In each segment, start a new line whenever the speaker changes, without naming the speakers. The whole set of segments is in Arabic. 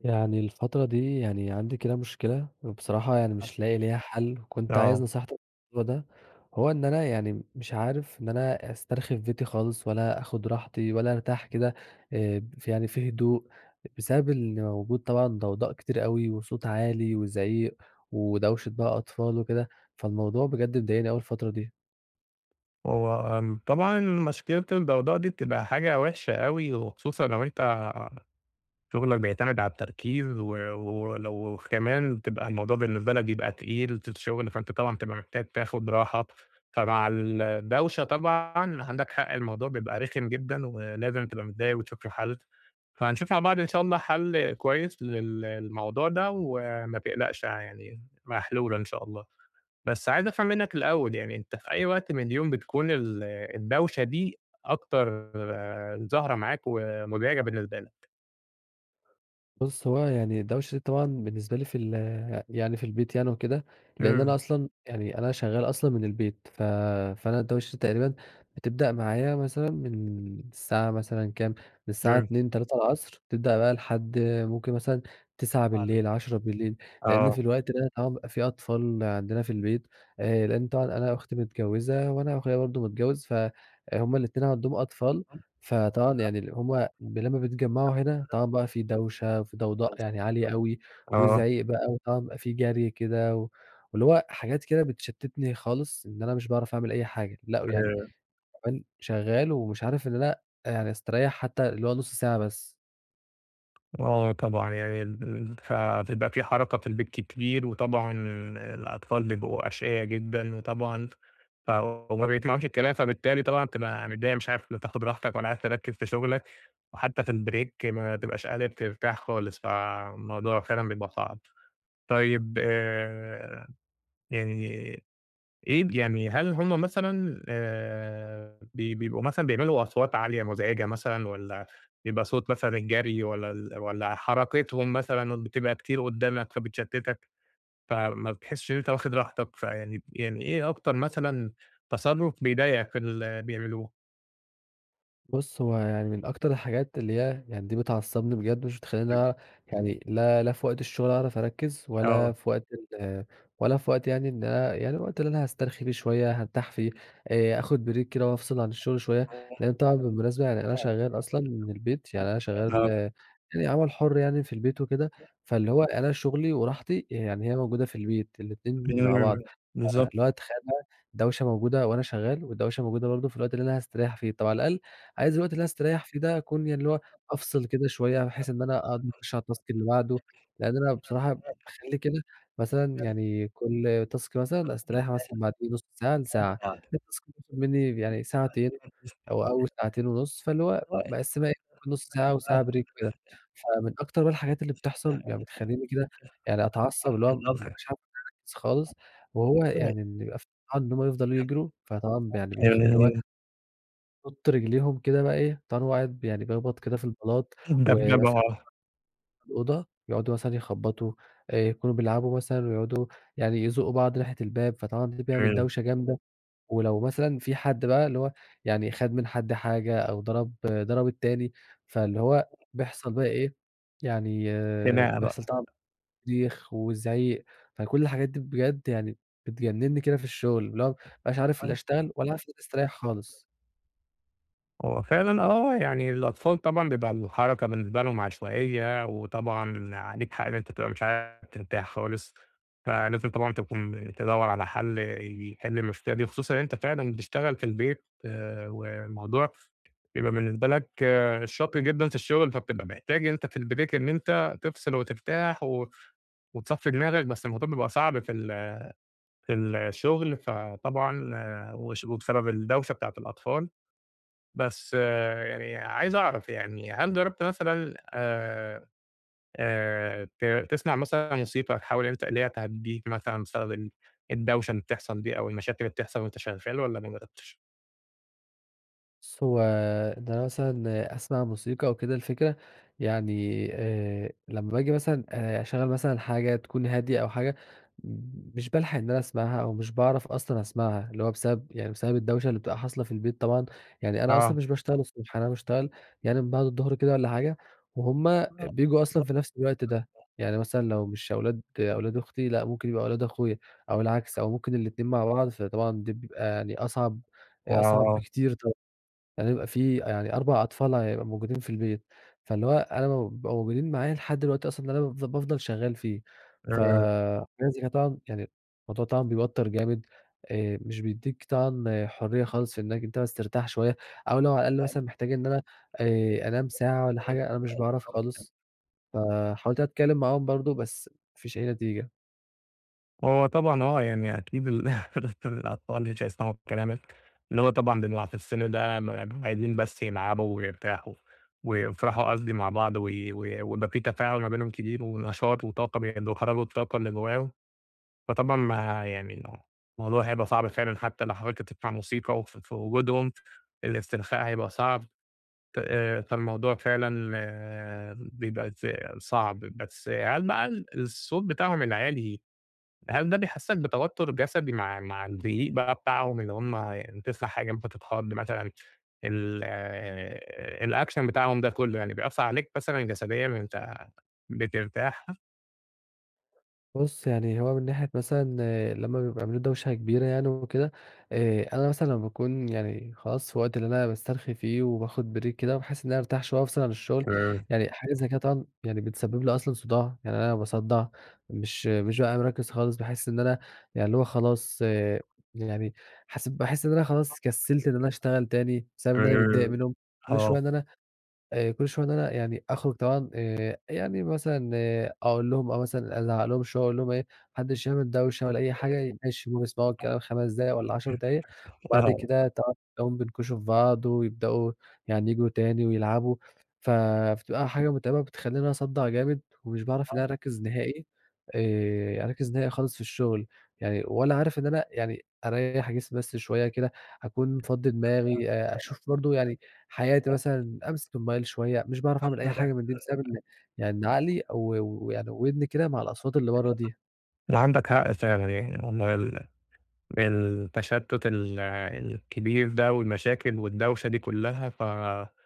يعني الفترة دي يعني عندي كده مشكلة، وبصراحة يعني
آه.
مش لاقي ليها حل، كنت عايز
آه.
نصيحتك في الموضوع ده، هو إن أنا يعني مش عارف إن أنا أسترخي في بيتي خالص ولا آخُد راحتي ولا أرتاح كده، آآ يعني في هدوء بسبب اللي موجود طبعًا ضوضاء كتير أوي وصوت عالي وزعيق ودوشة بقى أطفال وكده، فالموضوع بجد مضايقني أوي الفترة دي.
هو أن طبعًا مشكلة الضوضاء دي بتبقى حاجة وحشة أوي وخصوصًا لو أنت شُغلَك بيعتمد على التركيز، و ولو كمان بتبقى الموضوع بالنسبة لَك بيبقى تقيل ت ت الشغل فأنت طبعًا بتبقى محتاج تاخُد راحة، فمع الدوشة طبعًا عندَك حق الموضوع بيبقى رخم جدًا، ولازم تبقى متضايق وتشوف له حل فهنشوف مع بعض إن شاء الله حل كويس للموضوع ده وما تقلقش يعني محلولة إن شاء الله، بس عايز أفهم منَّك الأول يعني أنت في أي وقت من اليوم بتكون ال الدوشة دي أكتر ظاهرة معاك ومُزعجة بالنسبة لَك؟
بُصّ، هو يعني الدوشة طبعًا بالنسبة لي في ال يعني في البيت يعني وكده، لأن أنا
إمم.
أصلًا يعني أنا شغّال أصلًا من البيت ف فأنا الدوشة دي تقريبًا بتبدأ معايا مثلًا من الساعة مثلًا كام من الساعة
إمم.
14:00 15:00 تبدأ بقى لحد ممكن مثلًا تِسعة
آه د
بالليل 22:00، لأن
آه.
في الوقت آه بيبقى في أطفال عندنا في البيت، آآ لإن طبعًا أنا أختي متجوّزة وأنا أخويا برضه متجوّز، فهُم الاتنين عندهم أطفال، فطبعًا يعني هُم لمّا بيتجمعوا هنا طبعًا بقى في دوشة وفي ضوضاء يعني عالية أوي
آه.
وزعيق بقى وطبعًا بيبقى في جري كده، واللي هو حاجات كده بتشتتني خالص إن أنا مش باعرف أعمل أي حاجة، لأ ويعني
آآ
كمان شغّال ومش عارف إن أنا يعني أستريّح حتّى اللي هو نُص ساعة بس.
آه طبعًا، يعني فتبقى في حركة في البيت كتير، وطبعًا ال الأطفال بيبقوا أشْقيا جدًا، وطبعًا ف وما بيسمعوش الكلام. فبالتالي طبعًا بتبقى متضايق، مش عارف لا تاخد راحتك، ولا عارف تركز في شغلك، وحتى في الbreak ما تبقاش قادر ترتاح خالص. فالموضوع فعلًا بيبقى صعب. طيب، آآ يعني إيه يعني هل هُم مثلًا آآ ب بيبقوا مثلًا بيعملوا أصوات عالية مزعجة مثلًا، والّا بيبقى صوت مثلًا الجري، والّا ال والّا حركتهم مثلًا بتبقى كتير قدامك، فبتشَتّتك، فما بتحسّش إن أنت واخد راحتك، فيعني يعني إيه أكتر مثلًا تصرف بيضايقك في اللي بيعملوه؟
بُص، هو يعني من أكتر الحاجات اللي هي يعني دي بتعصّبني بجد، مش
إمم.
بتخلّيني يعني لا لا في وقت الشغل أعرف أركّز، ولا
آه.
في وقت ال ولا في وقت يعني إن أنا يعني الوقت اللي أنا هاسترخي فيه شوية، هارتاح فيه، آآ آخد Break كده وأفْصل عن الشغل شوية، لأنه طبعًا بالمناسبة يعني أنا شغال أصلًا من البيت، يعني أنا شغال
آه.
يعني عمل حُر، يعني في البيت وكده، فاللي هو أنا شغلي وراحتي يعني هي موجودة في البيت، الإتنين مع
امم،
بعض، ف
بالضبط.
اللي هو تخيّل بقى، دوشة موجودة وأنا شغال، ودوشة موجودة برضه في الوقت اللي أنا هاستريّح فيه. طَب على الأقل عايز الوقت اللي أنا هاستريّح فيه ده أكون يعني اللي هو أفْصل كده شوية، بحيث إن أنا أقدر أخُش على الtask اللي بعده. لأن أنا بصراحة باخلّي كده مثلًا يعني كل task، مثلًا أستريّح مثلًا بعديه بنُص ساعة لساعة. بيبقى مثلًا مطلوب منّي يعني ساعتين أو أول ساعتين ونُص، فاللي هو باقسّمها إيه ما بين نُص ساعة وساعة break كده. فمن أكتر بقى الحاجات اللي بتحصل يعني، بتخلّيني كده يعني أتعصّب، اللي هو مش عارف إن أركز خالص، وهو
[unintelligible]
يعني إن بيبقى في حد إن هُم يفضلوا يجروا، فطبعًا يعني بيخ اللي هو
امم.
بيحطوا رجليهم كده بقى، إيه، [unintelligible] واحد يعني بيخْبط كده في البلاط،
الدبْدَبَة
ومثلًا على
آه.
باب الأوضة، يقعدوا مثلًا يخبّطوا. آآ يكونوا بيلعبوا مثلًا، ويقعدوا يعني يزقّوا بعض ناحية الباب. فطبعًا ده بيعمل
إمم.
دوشة جامدة. ولو مثلًا في حد بقى اللي هو يعني خد من حد حاجة، أو ضرب ضرب التاني، فاللي هو بيحصل بقى إيه، يعني
خناقة
بيحصل
بقى.
طبعًا صريخ وِزْعيق، فكل الحاجات دي بجد يعني بتجنّني كده في الشغل، اللي هو ما بابقاش عارف لا اشتغل
[unintelligible]
ولا عارف أفوت استريّح خالص.
هو فعلًا، آه يعني الأطفال طبعًا بيبقى الحركة بالنسبة لهم عشوائية، وطبعًا عليك حق، إن أنت تبقى مش عارف ترتاح خالص. فلازم طبعًا تكون تدوّر على حل يحل المشكلة دي، خصوصًا أنت فعلًا بتشتغل في البيت. آآ والموضوع بيبقى بالنسبة لك شاق جدًا في الشغل، فبتبقى محتاج إن أنت في الBreak إن أنت تفْصل وترتاح و وتصفّي دماغك، بس الموضوع بيبقى صعب في ال في الشغل، فطبعًا وش وبسبب الدوشة بتاعة الأطفال. بس يعني عايز أعرف يعني، هل جرّبت مثلًا آآ آآ ت تسمع مثلًا موسيقى، تحاول إن أنت اللي هي تهدّيك مثلًا بسبب ال الدوشة اللي بتحصل دي، أو المشاكل اللي بتحصل وأنت شغال، والّا ما جرّبتش؟
بُصّ، هو ده مثلًا أسمَع موسيقى أو كده، الفكرة يعني آآ، لمّا باجي مثلًا آآ أشغّل مثلًا حاجة تكون هادية أو حاجة مش بالحَق إن أنا أسمَعها أو مش باعرَف أصلًا أسمَعها، اللي هو بسبب، يعني بسبب الدوشة اللي بتبقى حاصلة في البيت طبعًا، يعني أنا أصلًا
آه.
مش باشتغل الصبح، أنا باشتغل يعني من بعد الضُّهر كده والّا حاجة وهُم
لا،
بييجوا أصلًا
لا.
في نَفْس الوقت ده، يعني مثلًا لو مش أولاد أولاد أختي، لأ ممكن يبقى أولاد أخويا أو العكس أو ممكن الاتنين مع بعض، فطبعًا دي بتبقى يعني أصعَب، أصعَب
آه.
بكتير طبعًا، يعني يبقى في يعني 4 أطفال ع يبقوا موجودين في البيت، فاللي هو أنا لمّا بيبقوا موجودين معايا لحد الوقت أصلًا اللي أنا بافضَل شغّال فيه،
إمم.
فلازم أنا طبعًا يعني الموضوع طبعًا بيوتّر جامد آآ، مش بيدّيك طبعًا حُرّية خالص في إنك أنت بس ترتاح شوية أو لو على الأقل مثلًا محتاج إن أنا آآ أنام ساعة والّا حاجة، أنا مش باعرَف
[unintelligible]
خالص، فحاولت أتكلّم معاهم برضه بس ما فيش أي نتيجة.
هو طبعًا، هو يعني أكيد ال الأطفال مش هيسمَعوا كلامك، إن هو طبعًا [unintelligible] في السِّن ده عايزين بس يلعبوا ويرتاحوا ويفرَحوا قصدي مع بعض و ويبقى في تفاعُل ما بينهم كبير ونشاط وطاقة بي وبيخرّجوا الطاقة اللي جوّاهم، فطبعًا ما يعني الموضوع هيبقى صعب فعلًا حتى لو حاولت تسمَع موسيقى ف في وجودهم الإسترخاء هيبقى صعب ت آآ فالموضوع فعلًا بيبقى ز صعب، بس هل بقى ال الصوت بتاعهم العالي، هل ده بيحسّسك بتوتُّر جسدي مع مع الزعيق بقى بتاعهم إن هُم تسمَع حاجة ممكن بتتخَض مثلًا ال الAction بتاعهم ده كلّه يعني بيأثّر عليك مثلًا جسديًا وأنت بترتاح؟
بُصّ، يعني هو من ناحية مثلًا لما بيبقى عاملين دوشة كبيرة يعني وكده آآ، أنا مثلًا لمّا باكون يعني خلاص في الوقت اللي أنا باسترخي فيه وباخُد break كده بحيث إن أنا أرتاح شوية وأفصِل عن الشغل،
تمام.
يعني حاجة زي كده طبعًا يعني بتسبب لي أصلًا صُداع، يعني أنا باصدّع، مش مش بابقى مركّز خالص، باحس إن أنا يعني اللي هو خلاص، يعني حس باحس إن أنا خلاص كسّلت إن أنا أشتغل تاني بسبب إن أنا متضايق
تمام
منهُم كل شوية،
آه.
إن أنا، آآ كل شوية إن أنا يعني أخرُج طبعًا آآ، يعني مثلًا أقول لهُم أو مثلًا أزعّق لهم شوية، أقول لهم إيه: "ما حدّش يعمل دوشة
عندك
ولا أي حاجة، ماشي؟" بيسمَعوا الكلام
حق.
5 دقايق والّا 10 دقايق وبعد
آه.
كده تقعُد تلاقيهم بينكُشوا في بعض ويبدؤوا يعني ييجوا تاني ويلعبوا، ف فبتبقى حاجة متعِبة وبتخلّيني أصدّع جامد ومش باعرَف إن
آه.
أنا أركّز نهائي آآ، أركّز نهائي خالص في الشغل يعني ولا عارف إن أنا يعني أريّح جسمي بس شوية كده أكون مفضّي دماغي، أشوف برضه يعني حياتي مثلًا، أمسِك الموبايل شوية، مش باعرَف أعمل أي حاجة من دي بسبب إن يعني عقلي أو يعني وِدني كده مع الأصوات اللي برّه دي.
لا، عندك حق فعلًا يعني، والله ال التشتُّت ال الكبير ده والمشاكل والدوشة دي كلّها فلازم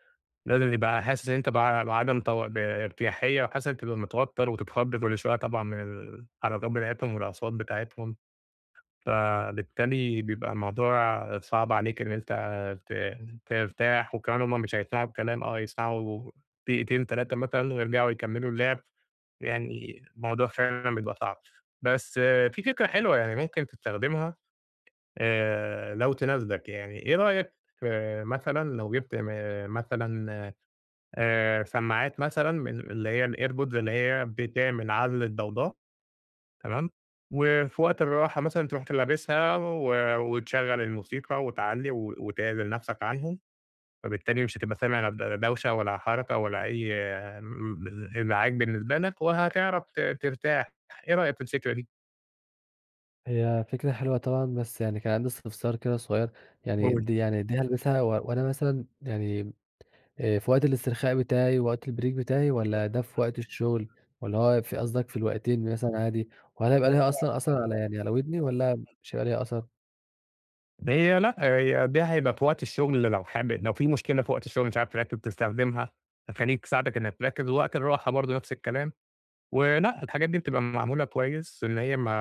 يبقى حاسس إن أنت ب بعدَم ت بارتياحيّة وحاسس تبقى متوتَّر وتتخض كل شوية طبعًا من الحركات بتاعتهم والأصوات بتاعتهم فبالتالي بيبقى الموضوع صعب عليك إن أنت ت ترتاح وكمان هُم مش هيسمَعوا الكلام، آه هيسمَعوا دقيقتين 3 مثلًا ويرجَعوا يكمّلوا اللعب، يعني الموضوع فعلًا بيبقى صعب، بس في فكرة حلوة يعني ممكن تستخدمها آآ لو تناسبك يعني، إيه رأيك في مثلًا لو جِبت مثلًا آآ سمّاعات مثلًا من من اللي هي الairpods اللي هي بتعمل عزْل الضوضاء، تمام، و في وقت الراحة مثلًا ترُوح ت لابسها و وتشغّل الموسيقى وتعلّي و وتعزِل نَفْسك عنهم فبالتالي مش هتبقى سامع ل لا دوشة ولا حركة ولا أي إزعاج بالنسبة لك وهتعرَف ت ترتاح، إيه رأيك في الفكرة دي؟
هي فكرة حلوة طبعًا، بس يعني كان عندي استفسار كده صغير، يعني
قُل.
دي يعني دي هالبسها و وأنا مثلًا يعني آآ في وقت الاسترخاء بتاعي، وقت الbreak بتاعي والّا ده في وقت الشغل، والّا هو في قصدك في الوقتين مثلًا عادي؟ وهل هيبقى ليها أصلًا أثَر على يعني على ودني، والّا مش هيبقى ليها أثَر؟
هي لأ هي دي هيبقى في وقت الشغل لو حابب لو في مشكلة في وقت الشغل مش عارف تركّز تستخدمها، هتخلّيك تساعدك إنك تركّز ووقت الراحة برضه نفس الكلام، ولأ الحاجات دي بتبقى معمولة كويس إن هي ما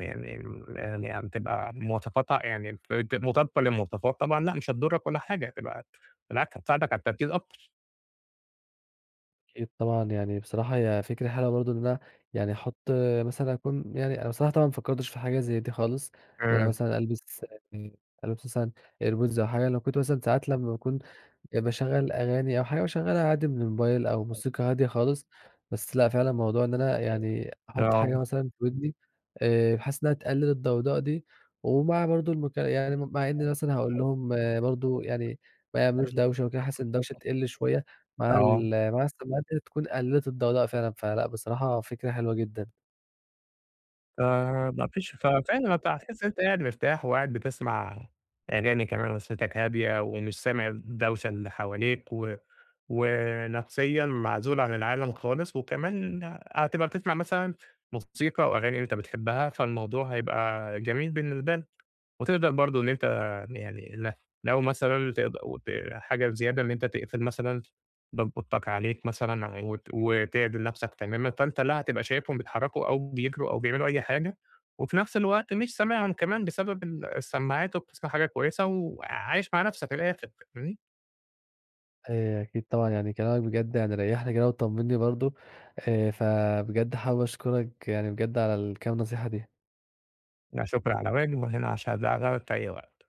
يعني يعني م يعني تبقى مواصفاتها يعني الفر مطابقة للمواصفات، طبعًا لأ مش هتضُرّك ولا حاجة هتبقى بالعكس حتساعدك على التركيز أكتر.
أكيد طبعًا يعني بصراحة هي فكرة حلوة برضه إن أنا يعني أحط مثلًا أكون يعني أنا بصراحة طبعًا ما فكرتش في حاجة زي دي خالص، إن أنا
إمم.
مثلًا ألبس يعني ألبس مثلًا airpods أو حاجة. لو كنت مثلًا ساعات لمّا باكون باشغّل أغاني أو حاجة باشغّلها عادي من الموبايل أو
أيوه.
موسيقى هادية خالص، بس لأ فعلًا الموضوع إن أنا يعني
أيوه.
أحُط
آه.
حاجة مثلًا في ودني آآ بحيث إنها تقلّل الضوضاء دي، ومع برضه المك يعني مع إني مثلًا هاقول لهم برضه يعني ما يعملوش دوشة و كده، بحيث إن الدوشة تِقلّ شوية مع
آه.
ال مع السماعات ديّة تكون قللت الضوضاء فعلًا، فلأ بصراحة فكرة حلوة جدًا.
آآ ما فيش ف فعلًا أنت هتحسّ إن أنت قاعد مرتاح، وقاعد بتسمع أغاني كمان ونفسيّتك هادية، ومش سامع الدوشة اللي حواليك، و ونفسيًا معزول عن العالم خالص، وكمان هتبقى بتسمع مثلًا موسيقى وأغاني أنت بتحبها فالموضوع هيبقى جميل بالنسبة لك، وتقدر برضه إن أنت يعني ل لو مثلًا تقد وت حاجة زيادة إن أنت تقفل مثلًا باب أوضتك عليك مثلًا وت وتِعدل نفسك تمامًا، فأنت لا هتبقى شايفهم بيتحركوا أو بيجروا أو بيعملوا أي حاجة، وفي نفس الوقت مش سامعهم كمان بسبب ال السماعات وبتسمع حاجة كويسة، وعايش مع نفسك من الآخر فاهمني؟
آآ أكيد طبعًا، يعني كلامك بجد يعني ريّحني كده وطمنّي برضه، آآ فبجد حابب أشكرك يعني بجد على الكام نصيحة دي.
لا شكرً على واجب، وأنا هنا عشان [unintelligible] في أي وقت.